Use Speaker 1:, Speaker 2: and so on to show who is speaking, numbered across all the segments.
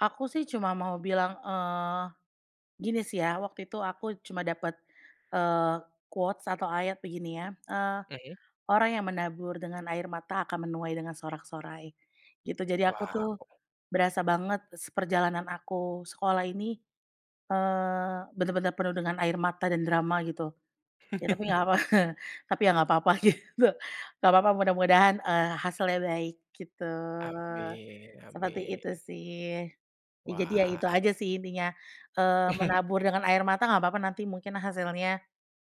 Speaker 1: Aku sih cuma mau bilang, eee, gini sih ya. Waktu itu aku cuma dapet, eee, quotes atau ayat begini ya, "Eee,
Speaker 2: Oke.
Speaker 1: orang yang menabur dengan air mata akan menuai dengan sorak-sorai." Gitu. Jadi aku tuh
Speaker 2: Wow.
Speaker 1: berasa banget s perjalanan aku sekolah ini, eee, benar-benar penuh dengan air mata dan drama, gitu. Ya, tapi enggak apa-apa. Tapi ya enggak apa-apa, gitu, enggak apa-apa. Mudah-mudahan, eee, hasilnya baik, gitu.
Speaker 2: Amin,
Speaker 1: Seperti
Speaker 2: amin.
Speaker 1: itu sih. Ya, jadi ya
Speaker 2: Wah.
Speaker 1: itu aja sih intinya, eee, menabur dengan air mata enggak apa-apa, nanti mungkin hasilnya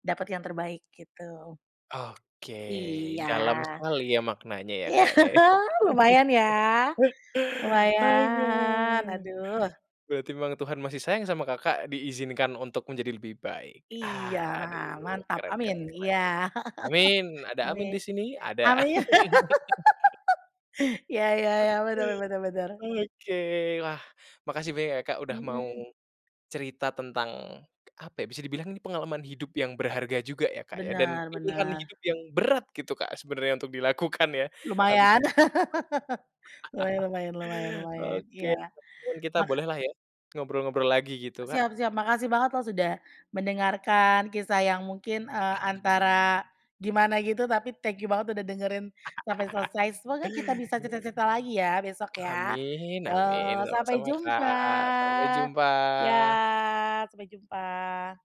Speaker 1: dapat yang terbaik, gitu.
Speaker 2: Oke,
Speaker 1: Iya,
Speaker 2: dalam sekali ya maknanya ya,
Speaker 1: ya
Speaker 2: Kak, ya.
Speaker 1: lumayan ya,
Speaker 2: Oke,
Speaker 1: lumayan aduh.
Speaker 2: berarti memang Tuhan masih sayang sama Kakak, diizinkan untuk menjadi lebih baik.
Speaker 1: Iya,
Speaker 2: Aduh,
Speaker 1: mantap
Speaker 2: keren
Speaker 1: amin,
Speaker 2: keren keren.
Speaker 1: iya.
Speaker 2: Amin. Ada amin
Speaker 1: Amin.
Speaker 2: di sini? Ada.
Speaker 1: Amin iya, ya
Speaker 2: Oke,
Speaker 1: ya, bener bener bener.
Speaker 2: oke, wah makasih banyak ya, Kak, udah mau
Speaker 1: Mhm.
Speaker 2: cerita tentang apa ya, bisa dibilang, ini pengalaman hidup yang berharga juga ya, Kak, ya dan
Speaker 1: Benar,
Speaker 2: pilihan
Speaker 1: benar.
Speaker 2: hidup yang berat gitu, Kak, sebenarnya untuk dilakukan ya, tapi
Speaker 1: Lumayan.
Speaker 2: tidak.
Speaker 1: Lumayan lumayan lumayan lumayan,
Speaker 2: Oke,
Speaker 1: iya.
Speaker 2: kapan-kapan kita
Speaker 1: Maka
Speaker 2: bolehlah ya ngobrol-ngobrol lagi gitu, Kak?
Speaker 1: Siap siap, makasih banget loh sudah mendengarkan kisah yang mungkin, eee, antara gimana gitu, tapi thank you banget udah dengerin sampai selesai. Semoga kita bisa cerita cerita lagi ya besok ya,
Speaker 2: Amin
Speaker 1: yo
Speaker 2: amin,
Speaker 1: sampai
Speaker 2: sama-sama,
Speaker 1: jumpa.
Speaker 2: Kak, sampai
Speaker 1: Ya
Speaker 2: jumpa.
Speaker 1: sampai jumpa.